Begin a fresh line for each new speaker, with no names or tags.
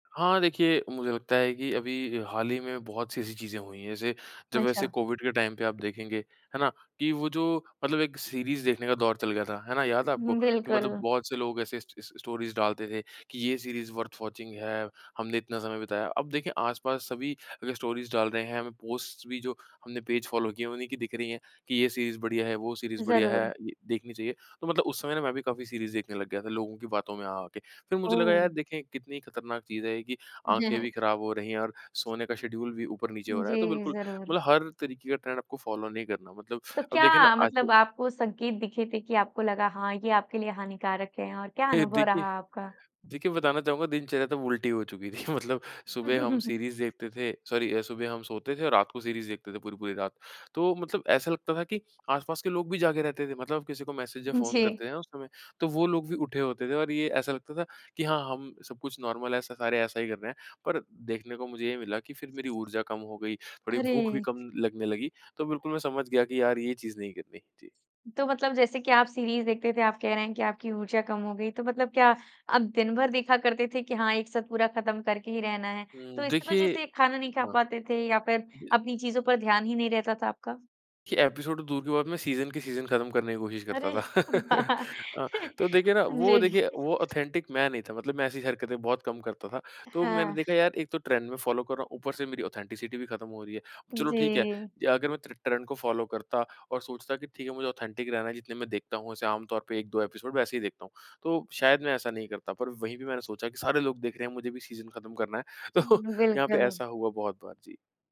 हाँ, देखिए मुझे लगता है कि अभी हाल ही में बहुत-सी ऐसी चीज़ें हुई हैं, जैसे जब ऐसे
अच्छा।
कोविड के टाइम पे आप देखेंगे, है ना? कि वो जो मतलब एक सीरीज़ देखने का दौर चल गया था, है ना? याद है आपको?
हुँ,
कि मतलब
बिल्कुल।
बहुत से लोग ऐसे स स स्टोरीज़ डालते थे कि ये सीरीज़ वर्थ वाचिंग है, हमने इतना समय बिताया। अब देखिए आसपास सभी अगर स्टोरीज़ डाल रहे हैं, हमें पोस्ट्स भी जो हमने पेज फ़ॉलो किए हैं, उन्हीं की दिख रहीं हैं कि ये सीरीज़ बढ़िया है, वो सीरीज़ बढ़िया है,
ज़रूर।
द देखनी चाहिए। तो मतलब उस समय ना मैं भी काफ़ी सीरीज़ देखने लग गया था लोगों की बातों में आ-आ के। फिर मुझे लगा यार
ओह!
देखें कितनी खतरनाक चीज़ है ये कि आँखें भी खराब हो रही हैं और सोने का शेड्यूल भी ऊपर नीचे हो रहा है। तो
जी,
बिल्कुल
ज़रूर।
मतलब हर तरीके का ट्रेंड आपको फ़ॉलो नहीं करना। मतलब
तो
अब देखिए ना
क्या
आज
मतलब आपको संकेत दिखे थे कि आपको लगा कि हाँ, ये आपके लिए हानिकारक है और क्या अनुभव
देखिए
रहा आपका?
देखिए बताना चाहूँगा दिनचर्या तब उल्टी हो चुकी थी। मतलब सुबह हम सीरीज़ देखते थे। सॉरी, सुबह हम सोते थे और रात को सीरीज़ देखते थे, पूरी-पूरी रात। तो मतलब ऐसा लगता था कि आसपास के लोग भी जागें रहते थे। मतलब किसी को मैसेज़ या
उ,
फ़ोन
जी।
करते हैं ना, उस समय तो वो लोग भी उठे होते थे और ये ऐसा लगता था कि हाँ, हम सब कुछ नॉर्मल है स सारे ऐसा ही कर रहे हैं। पर देखने को मुझे ये मिला कि फिर मेरी ऊर्जा कम हो गई। थोड़ी भूख भी
अरे!
कम लगने लगी। तो बिल्कुल मैं समझ गया कि यार ये चीज़ नहीं करनी। जी।
तो मतलब जैसे कि आप सीरीज़ देखते थे, आप कह रहे हैं कि आपकी ऊर्जा कम हो गई। तो मतलब क्या आप दिन भर देखा करते थे कि हाँ, एक साथ पूरा ख़त्म करके ही रहना है।
उ
तो इस
देखिए
वज़ह़ से खाना नहीं खा
हाँ।
पाते थे या फिर अपनी चीज़ों पर ध्यान ही नहीं रहता था आपका?
कि एपिसोड तो दूर की बात है मैं सीज़न के सीज़न ख़त्म करने की कोशिश करता
अरे
था।
वाह!
अ, तो देखिए ना वो देखिए
जी।
वो ऑथेन्टिक मैं नहीं था मतलब मैं ऐसी हरकतें बहुत कम करता था। तो मैंने
हाँ।
देखा यार एक तो ट्रेंड में फ़ॉलो कर रहा हूँ, ऊपर से मेरी ऑथेन्टिसिटी भी ख़त्म हो रही है। चलो ठीक है,
जी।
अगर मैं टर्न ट्रेंड को फ़ॉलो करता और सोचता कि ठीक है मुझे ऑथेन्टिक ही रहना है, जितने मैं देखता हूँ, वैसे आमतौर पे 1-2 एपिसोड वैसे ही देखता हूँ। तो शायद मैं ऐसा नहीं करता पर वहीं भी मैंने सोचा कि सारे लोग देख रहे हैं, मुझे भी सीज़न ख़त्म करना है। तो
हुँ,
यहाँ पे
बिल्कुल।
ऐसा हुआ बहुत बार। जी।